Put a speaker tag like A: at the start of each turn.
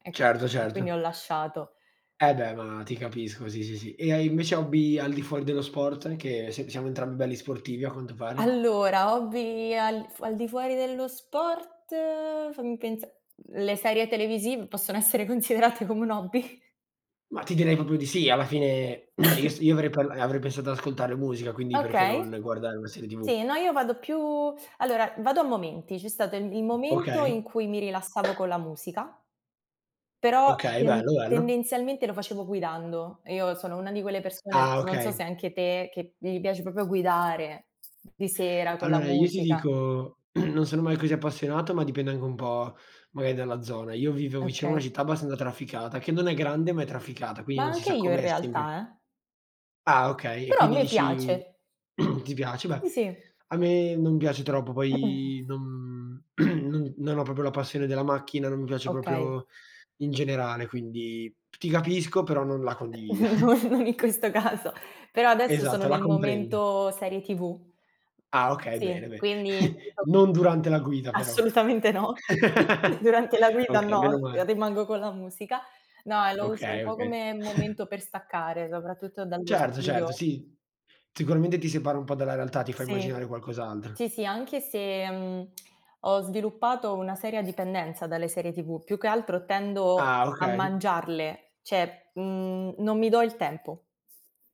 A: E
B: Certo
A: e quindi ho
B: certo.
A: lasciato.
B: E beh ma ti capisco, sì, sì, sì. E hai invece hobby al di fuori dello sport? Che sia siamo entrambi belli sportivi a quanto pare?
A: Allora hobby al f al di fuori dello sport, fammi pensa le serie televisiv possono essere considerate come un hobby?
B: Ma ti direi proprio di sì, alla fine io s io avrei parl avrei pensato di ascoltare musica, quindi perché non
A: Okay,
B: guardare una serie TV?
A: sì, no io vado più allora vado a momenti, c'è stato il, il momento
B: Okay.
A: in cui mi rilassavo con la musica, però
B: Okay, bello,
A: tend
B: bello.
A: tendenzialmente lo facevo guidando. Io sono una di quelle persone,
B: Ah
A: non so
B: okay.
A: se anche te, che gli piace proprio guidare, di sera, con la
B: Allora, io ti
A: musica.
B: dico, non sono mai così appassionato, ma dipende anche un po', magari, dalla zona. Io vivevo vicino a una
A: Okay.
B: città abbastanza trafficata, che non è grande, ma è trafficata, quindi
A: Ma
B: non si
A: anche
B: sa
A: io in
B: com'è, sempre
A: realtà, eh.
B: Ah, okay. E
A: Però a
B: quindi
A: me
B: dici:
A: piace.
B: “Ti piace?”. Beh,
A: Sì, sì.
B: a me non piace troppo. Poi non,, no non ho proprio la passione della macchina, non mi piace
A: Okay.
B: proprio in generale, quindi ti capisco, però non la
A: Eh
B: condivido.
A: non non in questo caso, però adesso sono
B: Esatto, la
A: nel
B: comprendo.
A: momento serie TV
B: Ah okay, bene,
A: sì,
B: bene.
A: quindi,. [unintelligible]
B: Non durante la guida però.
A: Assolutamente no. Durante la guida
B: Okay, meno
A: no,
B: male.
A: rimango con la musica. No, e lo uso un
B: Okay,
A: po'
B: okay.
A: come momento per staccare, soprattutto dallo
B: Certo, certo,
A: studio.
B: sì. Sicuramente ti separi un po' dalla realtà, ti fa immaginare
A: Sì,
B: qualcos'altro.
A: sì, sì, anche se uhm, ho sviluppato una seria dipendenza dalle serie TV, più che altro tendo
B: Ah
A: a
B: okay.
A: mangiarle, cioè uhm, non mi do il tempo.